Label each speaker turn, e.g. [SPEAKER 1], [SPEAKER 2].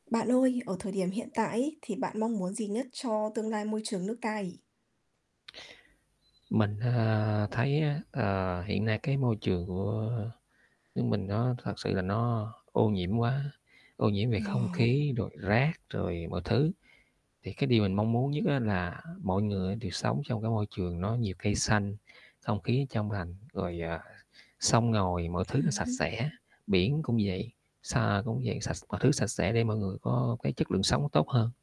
[SPEAKER 1] Bạn ơi, ở thời điểm hiện tại ấy, thì bạn mong muốn gì nhất cho tương lai môi trường nước ta nhỉ?
[SPEAKER 2] Mình, à, thấy á, ờ, hiện nay cái môi trường của nước mình nó thật sự là nó ô nhiễm quá, ô nhiễm về
[SPEAKER 1] Ừm,
[SPEAKER 2] không
[SPEAKER 1] ồ.
[SPEAKER 2] khí, rồi rác, rồi mọi thứ. Thì cái điều mình mong muốn nhất á, là mọi người đều sống trong cái môi trường nó nhiều cây xanh, không khí trong lành, rồi, à, sông ngòi mọi thứ nó
[SPEAKER 1] Ừm
[SPEAKER 2] sạch
[SPEAKER 1] hứm.
[SPEAKER 2] sẽ, biển cũng vậy, xa cũng vậy, sạch mọi thứ sạch sẽ để mọi người có cái chất lượng sống tốt hơn.